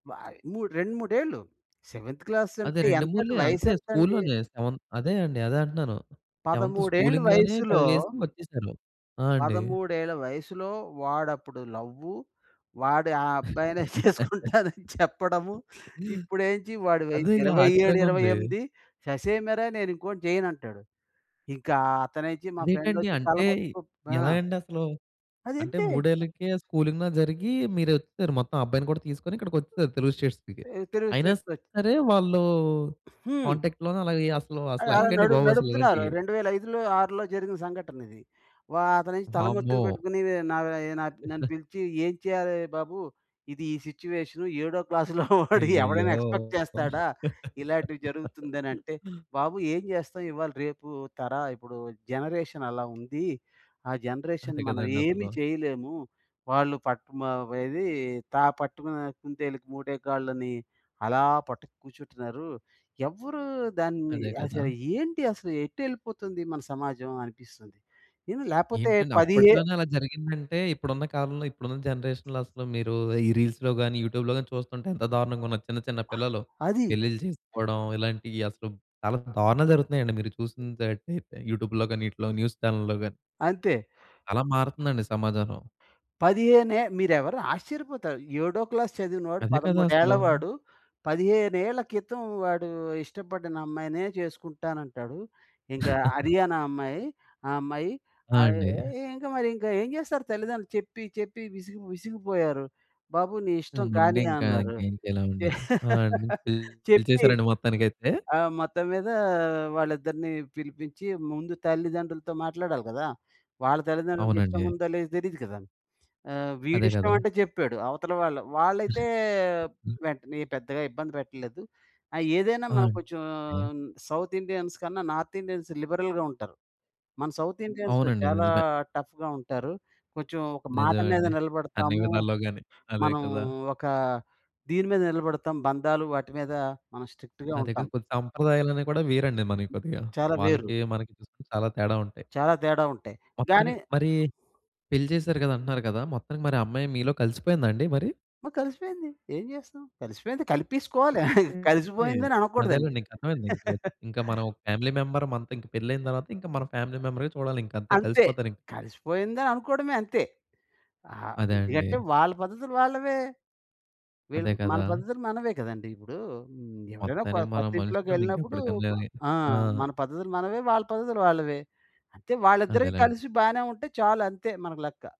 వాయ్ మూడ్ 2, 3 ఏళ్ళు సెవెంత్ అదే క్లాసంటే 2 ఎంతండి ముళ్ళే అంతే వయసెంతండి? స్కూలులోనే సెవెన్ అదే అండి అదే అంటనాను. సెవెంత్ 13 ఏళ్ళ స్కూలింగ్ లోనే వయసుల... చదివేసి వచ్చేసారు. ఆ! అండి. 13 ఏళ్ళ వయసులో "వాడు అప్పుడు లవ్వు, వాడు ఆ అబ్బాయినే చేసుకుంటానని చెప్పడము. ఇప్పుడేం‌చి వాడి వయసు అదేగా ఇరవై ఏడు, ఇరవై ఆశ్చర్యంగుంది. ఎనిమిది ససేమిర నేను ఇంకోడిని చేయనంటాడు". ఇంకా అతనుంచి మా ఫ్రెండ్ అదేటండి? వచ్చి అంటే తలపట్టుకు ఆ! ఎలాగండి అసలు? అంటే అదంతే. మూడేళ్లకే స్కూలింగ్‌లో జరిగి మీరొచ్చేసారు మొత్తం ఆ అబ్బాయిని కూడా తీసుకొని ఇక్కడికొచిసారు తెలుగు స్టేట్స్‌కి. తె తెలుగు అయినా స్టేట్స్‌ వచ్ సరే వాళ్ళు హ్మ్. కాంటాక్ట్‌లోనే అలాగే అసలు అది అలా అసలేలాగండి నడు బాబు అసలు నడుపుతున్నారు ఇలాంటియ్యి. రెండు వేల ఐదులో ఆరులో జరిగిన సంఘటన ఇది. వ అతనేంచి తలమత్తుకు వామ్మో! పెట్టుకుని నయి నా నన్ను పిలిచి ఏం చేయాలి బాబు? ఇది ఈ సిట్యుయేషన్ ఏడో క్లాస్‌లో వాడి ఎవడైనా అయ్యయ్యో! ఎక్స్పెక్ట్ చేస్తాడా? ఇలాంటివి జరుగుతుందనినంటే బాబు ఏం చేస్తాం ఇవాళ రేపు తర ఇప్పుడు జనరేషన్ అలా ఉంది. ఆ జనరేషన్ అంతే మనం ఏమి కదండసలు. చేయలేము, వాళ్ళు పాట్ మవ ఏది త పట్టుకున్న కుంతేలుకి మూడే కాళ్ళని అలా పట్టుకు కూర్చుంటున్నారు. ఎవరు దాన్ని అదే కదా! అసలు ఏంటి అసలు ఎటెళ్ళిపోతుంది మన సమాజం అనిపిస్తుంది. ఇంది లేకపోతే ఏంటండి? పదిహే అప్పట్లోనే అలా జరిగిందంటే ఇప్పుడున్న కాలంలో ఇప్పుడున్న జనరేషన్‌లో అసలు మీరు ఈ రీల్స్‌లో గాని యూట్యూబ్‌లో గాని చూస్తుంటే ఎంత దారుణంగా ఉన్న చిన్న చిన్న పిల్లలు అది. పెళ్లిలు చేసుకోవడం ఇలాంటియ్యి అసలు చాలా దారుణాలు జరుగుతున్నాయండి. మీరు చూసినటైతే యూట్యూబ్‌లో గాని ఈటిలో న్యూస్ చానెల్‌లో గాని. అంతే. అలా మారుతుందండి సమాజం. పదిహేనే మీరు ఎవరు ఆశ్చర్యపోతారు. ఏడో క్లాస్ చదివిన వాడు అదే కదా! 13 ఏఏళ్ల అసలు. వాడు 15 ఏళ్ల కితం వాడు ఇష్టపడిన అమ్మాయినే చేసుకుంటానంటాడు. ఇంక హర్యానా అమ్మాయి ఆ అమ్మాయి ఆ! ఆహ్, అండి. ఇంకా మరి ఇంకా ఏం చేస్తారు? తల్లిదండ్రులు చెప్పి చెప్పి విసిగి విసిగిపోయారు. బాబు నీ ఆ! ఇష్టం కాని ఉండింకా అన్నారు. ఇంకేం చెయ్యలేమండి. ఆహ్, అండి పిల్ చెప్పి పిలిచేసారండి మొత్తానికైతే? ఆ మొత్తం మీద వాళ్ళిద్దరిని పిలిపించి ముందు తల్లిదండ్రులతో మాట్లాడాలి కదా! వాళ్ళ తల్లిదండ్రులకి ఇష్టం అవునండి. ఉందో లేదో తెలీదు కదా! ఆహ్, వీడి అదే ఇష్టం గదా! అంటే చెప్పాడు అవతల వాళ్ళు వాళ్ళైతే వెంటనే పెద్దగా ఇబ్బంది పెట్టలేదు. ఆ ఏదైనా ఆ! మనం అండి. కొంచెం ఏ సౌత్ ఇండియన్స్ కన్నా నార్త్ ఇండియన్స్ లిబరల్‌గా ఉంటారు. మన సౌత్ ఇండియన్స్ అవునండి. చాలా నిజమే. టఫ్‌గా ఉంటారు. కొంచెం ఒక మాట నిజమె మీద అండి. అన్ని నిలబడతాము, విధాలలో గాని అదే మనం కదా! ఒక దీని మీద నిలబడతాం, బంధాలు వాటి మీద మనం స్ట్రిక్ట్‌గా నా దగ్గర ఉంటాం. కొన్ని సంప్రదాయాలనేవి కూడా వేరండి మనయి కొద్దిగా. చాలా వేరు. వాళ్ళకి మనకి చూసుకుంటే చాలా తేడా ఉంటాయి. చాలా తేడా ఉంటాయి గానీ! మొత్తానికి మరి పెళ్లి చేసారు కదా అంటనారు కదా! మొత్తానికి మరి ఆ అమ్మాయి మీలో కలిసిపోయిందా అండి మరి? ఆ! కలిసిపేంది ఏం చేస్తం? కలిసిపోయింది కలిపేసుకోవాలి ఓకేకే. కలిసిపోయిందని అనకూడదండి. అదేలేండి ఇంక అర్థమైంది ఇంకో ఇంకా మనం ఒక ఫ్యామిలీ మెంబర్ మనతో పెళ్లి అయిన తరువాత ఇంకా మన ఫ్యామిలీ మెంబరే చూడాలింకా అంతే అంతే కలిసిపోతా‌రింకా. కలిసిపోయిందని అనుకోవడమే అంతే. ఆహ్, అదే అండి. ఎందుకంటే వాళ్ళ పద్ధతులు వాళ్ళవే. వీళ్ళు అదే మన కదా! పద్ధతులు మనవే కదండీ! ఇప్పుడు హ్మ్. ఎవరైనా కొ మొత్తానికి మనం మనుషులండి కొత్తింట్లోకెళ్ళినప్పుడు ఇంకెప్పటికన్నా. ఆ! ఆ! మన పద్ధతులు మనవే వాళ్ళ పద్ధతులు వాళ్ళవే. అంతే వాళ్ళిద్ద‌రివి అదేలేండి. కలిసి బానే ఉంటే చాలు అంతే మనకు లెక్క.